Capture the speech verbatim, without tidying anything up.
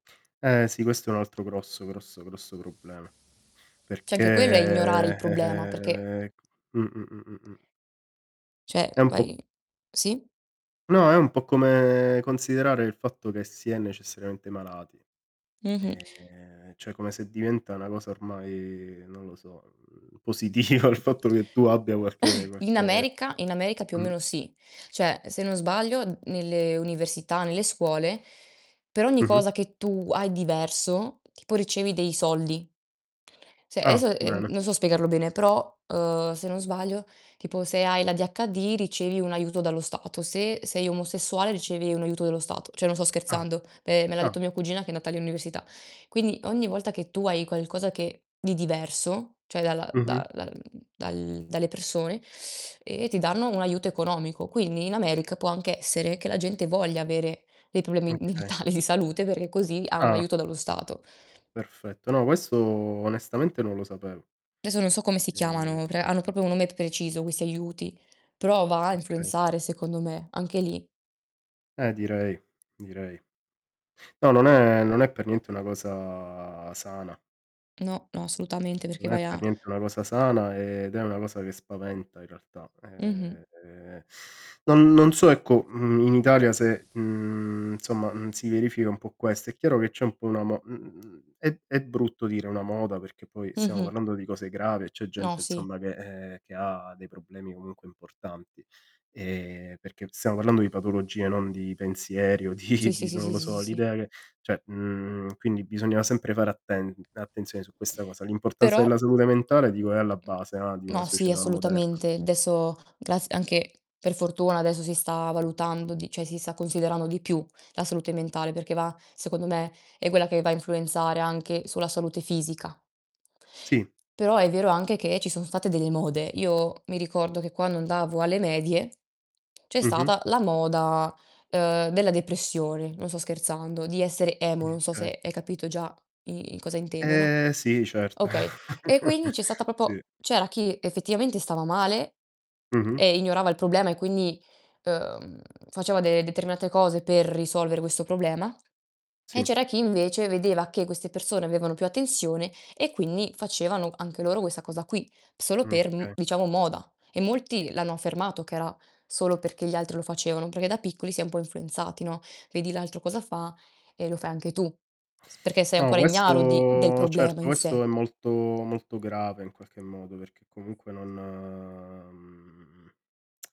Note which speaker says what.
Speaker 1: Eh sì, questo è un altro grosso, grosso, grosso problema.
Speaker 2: ceh
Speaker 1: Perché
Speaker 2: anche quello è ignorare il problema perché
Speaker 1: eh-eh mh-mh-mh-mh-mh.
Speaker 2: ceh
Speaker 1: È un po'
Speaker 2: vai sì?
Speaker 1: No, è un po' come considerare il fatto che si è necessarente malati.
Speaker 2: Mh-mh.
Speaker 1: Ehm, ceh come se diventa una cosa ormai non lo so, mhmm, positiva il fatto che tu abbia qualche
Speaker 2: In
Speaker 1: qualche
Speaker 2: America in America più o
Speaker 1: mh.
Speaker 2: meno sì. ceh se non sbaglio nelle università, nelle scuole per ogni
Speaker 1: Mh-mh.
Speaker 2: cosa che tu hai diverso, tipo ricevi dei soldi. ceh,
Speaker 1: Ah,
Speaker 2: eso, ehm,
Speaker 1: bene.
Speaker 2: non so spiegarlo bene però, uhm, se non sbaglio tipo se hai l'ADHD ricevi un aiuto dallo Stato, se sei omosessuale ricevi un aiuto dallo Stato. ceh non sto
Speaker 1: Ah.
Speaker 2: scherzando, me me l'ha
Speaker 1: Ah.
Speaker 2: detto mia cugina che è andata all'università. Quindi ogni volta che tu hai qualcosa che di diverso, ceh dalla da
Speaker 1: Mh-mh.
Speaker 2: dal dal dalle persone, ehm, ti danno un aiuto economico. Quindi in America può anche essere che la gente voglia avere dei problemi
Speaker 1: Okay.
Speaker 2: mentali di salute, perché così ha un
Speaker 1: Ah.
Speaker 2: aiuto dallo Stato.
Speaker 1: Perfetto. No, questo onestamente non lo sapevo.
Speaker 2: deso non so come si chiamano, pr
Speaker 1: Ehm
Speaker 2: hanno propo un nome preciso questi aiuti, però va a
Speaker 1: Okay.
Speaker 2: influenzare secondo me anche lì.
Speaker 1: Eh direi, direi. No, non è non è per niente una cosa sana.
Speaker 2: No, no solutamente perché
Speaker 1: Non è
Speaker 2: vai a
Speaker 1: per niente una cosa sana ed è una cosa che spaventa in realtà. Ehm,
Speaker 2: Mh-mh.
Speaker 1: ehm, non non so ecco, mhmm, in Italia se, mhmm, insomma, n si verifica un po' questo. È chiaro che c'è un po' una mo mhmm, è è brutto dire una moda perché poi siamo
Speaker 2: Mh-mh.
Speaker 1: parlando di cose gravi e c'è
Speaker 2: No,
Speaker 1: gente
Speaker 2: sì.
Speaker 1: insomma che ehm, che ha dei problemi comunque importanti. Ehm, perché stiamo parlando di patologie, non di pensieri o di
Speaker 2: Sì, sì,
Speaker 1: di,
Speaker 2: sì,
Speaker 1: non
Speaker 2: sì,
Speaker 1: lo
Speaker 2: sì, sì,
Speaker 1: so,
Speaker 2: sì.
Speaker 1: l'idea che ceh, mhmm, quindi bisogna sempre fare atten attenzione su questa cosa. L'importanza della
Speaker 2: Però
Speaker 1: salute mentale dico è alla base, no, di una
Speaker 2: No, sì
Speaker 1: società moderna.
Speaker 2: assolutamente; deso grazi anche per fortuna adesso si sta valutando di ceh si sta considerando di più la salute mentale, perché va secondo me è quella che va a influenzare anche sulla salute fisica.
Speaker 1: Sì.
Speaker 2: Però è vero anche che ci sono state delle mode. Io mi ricordo che quando andavo alle medie, c'è
Speaker 1: Mh-mh.
Speaker 2: stata la moda, ehm, della depressione, non sto scherzando, di essere emo,
Speaker 1: M
Speaker 2: non so
Speaker 1: kay.
Speaker 2: se hai capito già i i cosa intendo, no.
Speaker 1: Ehm, sì, certo.
Speaker 2: Okay, e quindi c'è stata
Speaker 1: Sì.
Speaker 2: popo c'era chi effettivamente stava male
Speaker 1: Mh-mh.
Speaker 2: e ignorava il problema e quindi, ehm, faceva de determinate cose per risolvere questo problema, e
Speaker 1: Sì.
Speaker 2: c'era chi invece vedeva che queste persone avevano più attenzione, e quindi facevano anche loro questa cosa qui, solo
Speaker 1: Mh,
Speaker 2: per m
Speaker 1: key.
Speaker 2: diciamo moda. E molti l'hanno affermato che era solo perché gli altri lo facevano, perché da piccoli si è un po' influenzati, no. Vedi l'altro cosa fa e lo fai anche tu, s perché sei
Speaker 1: No,
Speaker 2: ancora ignaro di del
Speaker 1: questo
Speaker 2: problema
Speaker 1: certo,
Speaker 2: in
Speaker 1: questo
Speaker 2: sé.
Speaker 1: è molto molto grave, in qualche modo perché comunque non mhmm